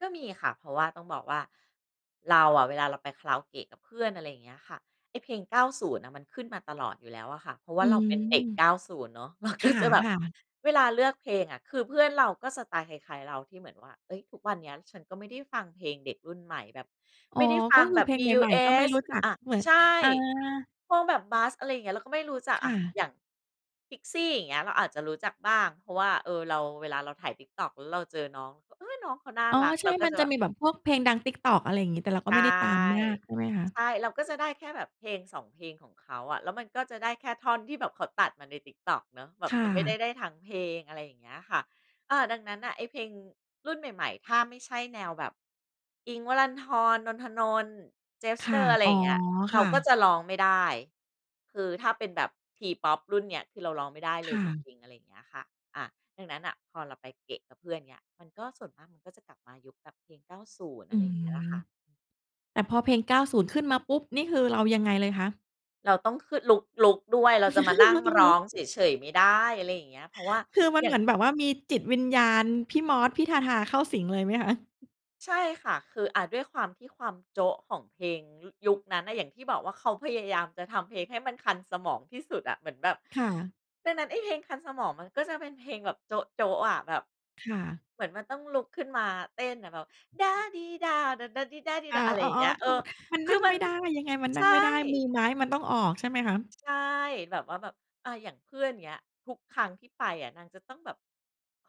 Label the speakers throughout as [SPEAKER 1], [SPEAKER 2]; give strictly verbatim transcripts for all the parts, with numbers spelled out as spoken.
[SPEAKER 1] ก็มีค่ะ เพราะว่าต้องบอกว่า เราอะเวลาเราไปคาราโอเกะกับเพื่อน อะไรอย่างเงี้ยค่ะ ไอ้เพลง เก้าศูนย์ มันขึ้นมาตลอดอยู่แล้วอะค่ะ เพราะว่
[SPEAKER 2] อื
[SPEAKER 1] าเราเป
[SPEAKER 2] ม
[SPEAKER 1] ็นเด็ก เก้าศูนย์ เนาะ เรา
[SPEAKER 2] ค
[SPEAKER 1] ก็ จะแบบ
[SPEAKER 2] ่ะ ๆ
[SPEAKER 1] เวลาเลือกเพลงอะ คือเพื่อนเราก็สไตล์คล้าย ๆ เราที่เหมือนว่า เฮ้ย ทุกวันเนี้ยฉันก็ไม่ได้ฟังเพลงเด็กรุ่นใหม่ แบบ
[SPEAKER 2] อ๋
[SPEAKER 1] ไ
[SPEAKER 2] อ
[SPEAKER 1] ม่ได้ฟ
[SPEAKER 2] ก
[SPEAKER 1] ั
[SPEAKER 2] ็
[SPEAKER 1] ง
[SPEAKER 2] คื
[SPEAKER 1] แ
[SPEAKER 2] อ
[SPEAKER 1] บ
[SPEAKER 2] เ
[SPEAKER 1] บ
[SPEAKER 2] พล
[SPEAKER 1] บ
[SPEAKER 2] ง
[SPEAKER 1] ี-
[SPEAKER 2] ใ
[SPEAKER 1] ยู-
[SPEAKER 2] หม่
[SPEAKER 1] เอ
[SPEAKER 2] ๆ ก็ไม่
[SPEAKER 1] ส
[SPEAKER 2] รู้จัก
[SPEAKER 1] อะ
[SPEAKER 2] เหมือน
[SPEAKER 1] ใช่
[SPEAKER 2] อา
[SPEAKER 1] พวกแบบ BUS อะไรอย่างเงี้ย เราก็ไม่รู้จัก
[SPEAKER 2] ค
[SPEAKER 1] อ
[SPEAKER 2] ่
[SPEAKER 1] ะ
[SPEAKER 2] ะ
[SPEAKER 1] อย่าง Pixxie อย่างเงี้ย เราอาจจะรู้จักบ้าง เพราะว่า เออ เรา เวลาเราถ่าย Tiktok แล้วเราเจอน้อง ก เฮ้ย น้องเขาน่า
[SPEAKER 2] อ๋อ
[SPEAKER 1] รัก
[SPEAKER 2] ใช
[SPEAKER 1] เร
[SPEAKER 2] ่
[SPEAKER 1] าก็
[SPEAKER 2] มั
[SPEAKER 1] จ
[SPEAKER 2] น
[SPEAKER 1] ะ
[SPEAKER 2] จ
[SPEAKER 1] แ
[SPEAKER 2] ะ
[SPEAKER 1] บ
[SPEAKER 2] ม
[SPEAKER 1] บ
[SPEAKER 2] ีแบบพวกเพลงดัง Tiktok อะไรอย่างงี้ แต่เราก
[SPEAKER 1] ใ
[SPEAKER 2] ็
[SPEAKER 1] ช่
[SPEAKER 2] ไม่ได้ตามมากใช่ไหมคะ?
[SPEAKER 1] ใช่เราก็จะได้แค่แบบเพลง สอง เพลงของเขาอะ แล้วมันก็จะได้แค่ท่อนที่แบบเขาตัดมาใน Tiktok เนาะ แบบ
[SPEAKER 2] ค่
[SPEAKER 1] จะไม่ได้
[SPEAKER 2] ะ
[SPEAKER 1] ได้ทั้งเพลง อะไรอย่างเงี้ยค่ะ อ่า ดังนั้นน่ะ ไอ้เพลงรุ่นใหม่ ๆ ถ้าไม่ใช่แนวแบบอิ้งค์ วรันธร นนท์ ธนนท์ เจส
[SPEAKER 2] ค
[SPEAKER 1] เต
[SPEAKER 2] ่ะ
[SPEAKER 1] อร์ อะไร
[SPEAKER 2] อ๋
[SPEAKER 1] อย
[SPEAKER 2] อ
[SPEAKER 1] ่างเงี้ย เร
[SPEAKER 2] ค
[SPEAKER 1] า
[SPEAKER 2] ่
[SPEAKER 1] ก็
[SPEAKER 2] ะ
[SPEAKER 1] จะร้องไม่ได้ คือถ้าเป็นแบบ T-POP รุ่นเนี้ย คือเราร้องไม่ได้
[SPEAKER 2] ค
[SPEAKER 1] เลย
[SPEAKER 2] ่
[SPEAKER 1] จ
[SPEAKER 2] ะ
[SPEAKER 1] ริง ๆ อะไรอย่างเงี้ยค่ะ อะ ดังนั้นน่ะ พอเราไปเกะกับเพื่อนเงี้ย มันก็ส่วนมากมันก็จะกลับมายุคแบบเพลง เก้าศูนย์
[SPEAKER 2] อ
[SPEAKER 1] อ
[SPEAKER 2] ื
[SPEAKER 1] ะไรอย่างเ
[SPEAKER 2] ม
[SPEAKER 1] งี้ยค่ะ
[SPEAKER 2] แต่พอเพลง เก้าศูนย์ ขึ้นมาปุ๊บ นี่คือเรายังไงเลยคะ?
[SPEAKER 1] แล้วต้อง คือ ลุก ลุกด้วย เราจะมานั
[SPEAKER 2] เ
[SPEAKER 1] ่
[SPEAKER 2] ร
[SPEAKER 1] ง
[SPEAKER 2] าต้อง
[SPEAKER 1] ร
[SPEAKER 2] ล
[SPEAKER 1] ้
[SPEAKER 2] ุ
[SPEAKER 1] อ
[SPEAKER 2] ก
[SPEAKER 1] งเฉย ๆ ไม่ได้ อะไรอย่างเงี้ย เพราะว่า
[SPEAKER 2] คือมัน
[SPEAKER 1] อย
[SPEAKER 2] เ
[SPEAKER 1] ่
[SPEAKER 2] หม
[SPEAKER 1] าง
[SPEAKER 2] ือนแบบว่ามีจิตวิญญาณพี่มอส พี่ทาทาเข้าสิงเลยไหมคะ?
[SPEAKER 1] ใช่ค่ะ คือ อะ ด้วยความที่ความโจ๊ะของเพลง ย ยุคนั้นน่ะ อย่างที่บอกว่า เขาพยายามจะทำเพลงให้มันคันสมองที่สุดอะ เหมือนแบบ
[SPEAKER 2] ค่ะ
[SPEAKER 1] ดังนั้นไอ้เพลงคันสมองมันก็จะเป็นเพลงแบบโจ๊ะ ๆ อะ แบบ
[SPEAKER 2] ค่ะ
[SPEAKER 1] เหมือนมันต้องลุกขึ้นมาเต้นอะแบบ ด้าดีด้าว โด่ดาดีด้าดี
[SPEAKER 2] อ
[SPEAKER 1] ด
[SPEAKER 2] า
[SPEAKER 1] ้าว อะไร
[SPEAKER 2] อ๋
[SPEAKER 1] อ
[SPEAKER 2] อ
[SPEAKER 1] ย่างเงี้ย
[SPEAKER 2] ๆ
[SPEAKER 1] เ
[SPEAKER 2] ค
[SPEAKER 1] ออ
[SPEAKER 2] ือ มัน
[SPEAKER 1] ค
[SPEAKER 2] น
[SPEAKER 1] ื
[SPEAKER 2] ั่
[SPEAKER 1] อ
[SPEAKER 2] ง
[SPEAKER 1] มั
[SPEAKER 2] ไม
[SPEAKER 1] น
[SPEAKER 2] ่ได้ ยังไงมัน
[SPEAKER 1] ใ
[SPEAKER 2] น
[SPEAKER 1] ช
[SPEAKER 2] ั่
[SPEAKER 1] ่
[SPEAKER 2] งไม่ได้ มือไม้มันต้องออกใช่ไหมคะ?
[SPEAKER 1] ใช่ แบบว่าแบบ อา อย่างเพื่อน เงี้ย ทุกครั้งที่ไปอะ นางจะต้องแบบ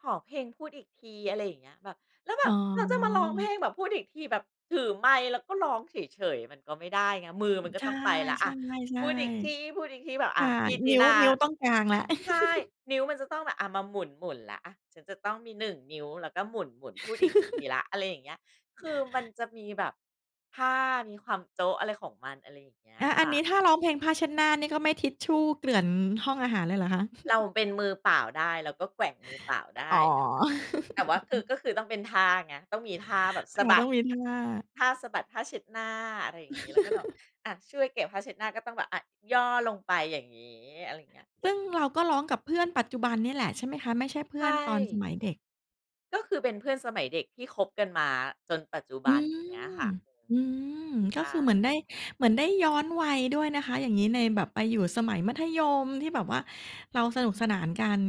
[SPEAKER 1] ขอเพลงพูดอีกที อะไรอย่างเงี้ย แบบ แล้วแบ
[SPEAKER 2] อ๋
[SPEAKER 1] บ แล้วจะมาร้องเพ
[SPEAKER 2] อ
[SPEAKER 1] ลงแบบพูดอีกทีแบบถือไมค์ แล้วก็ร้องเฉย ๆ มันก็ไม่ได้ไง มือมันก็
[SPEAKER 2] ใช
[SPEAKER 1] ต
[SPEAKER 2] ่
[SPEAKER 1] ้องไปแล้
[SPEAKER 2] ๆ
[SPEAKER 1] ว
[SPEAKER 2] ๆ
[SPEAKER 1] อะ พูดอีกที พูดอีกที แบบ
[SPEAKER 2] ใช
[SPEAKER 1] อ
[SPEAKER 2] ่
[SPEAKER 1] ะ พี่ต
[SPEAKER 2] น
[SPEAKER 1] ิ๊
[SPEAKER 2] ิ้
[SPEAKER 1] น
[SPEAKER 2] ว
[SPEAKER 1] า
[SPEAKER 2] นิ้วต้องกางแล้ว
[SPEAKER 1] ใช่ นิ้วมันจะต้องแบบ อะ มาหมุน ๆ แล้ว อะ ฉันจะต้องมี หนึ่ง นิ้ว แล้วก็หมุน ๆ พูดอีกทีแล้ว อะไรอย่างเงี้ย คือมันจะมีแบบผ้า มีความโจ๊ะ อะไรของมัน อะไรอย่างเงี้ย
[SPEAKER 2] อา
[SPEAKER 1] ค
[SPEAKER 2] อั
[SPEAKER 1] ่
[SPEAKER 2] น
[SPEAKER 1] ะ
[SPEAKER 2] นี้ถ้าร้องเพลงผ้าเช็ดหน้านี่ ก็ไม่ทิชชู่เกลื่อนห้องอาหารเลยเหรอคะ?
[SPEAKER 1] เราเป็นมือเปล่าได้ เราก็แกว่งมือเปล่าได
[SPEAKER 2] อ๋
[SPEAKER 1] ้
[SPEAKER 2] อ
[SPEAKER 1] แต่ว่า แต่ว่าคือ ก็คือต้องเป็นท่าไง ต้องมีท่าแบบ
[SPEAKER 2] ค
[SPEAKER 1] ส
[SPEAKER 2] ่
[SPEAKER 1] ะ
[SPEAKER 2] ะ
[SPEAKER 1] บ
[SPEAKER 2] ต
[SPEAKER 1] ั
[SPEAKER 2] ้อ
[SPEAKER 1] ด
[SPEAKER 2] งมีท่า
[SPEAKER 1] ท่าสะบัดผ้าเช็ดหน้า อะไรอย่างงี้ แล้วก็แบบ อะ ช่วยเก็บผ้าเช็ดหน้าก็ต้องแบบ อะ ย่อลงไปอย่างงี้ อะไรอย่างเงี้ย
[SPEAKER 2] ซึ่งเราก็ร้องกับเพื่อนปัจจุบันเนี่ยแหละใช่ไหมคะ? ไม่ใช่เพ
[SPEAKER 1] ใช
[SPEAKER 2] ื่อนตอนส
[SPEAKER 1] ่
[SPEAKER 2] มัยเด็ก
[SPEAKER 1] ก็คือเป็นเพื่อนสมัยเด็ก ที่คบกันมาจนปัจจุ
[SPEAKER 2] อื
[SPEAKER 1] บัน
[SPEAKER 2] ม
[SPEAKER 1] อย่างเงี้ยค่ะ อือ
[SPEAKER 2] อื
[SPEAKER 1] ฮึ
[SPEAKER 2] ม ก
[SPEAKER 1] ใช
[SPEAKER 2] ็คือเหมือ
[SPEAKER 1] ่
[SPEAKER 2] นได้ เหมือนได้ย้อนวัยด้วยนะคะ อย่างงี้ ในแบบไปอยู่สมัยมัธยม ที่แบบว่าเราสนุกสนานกัน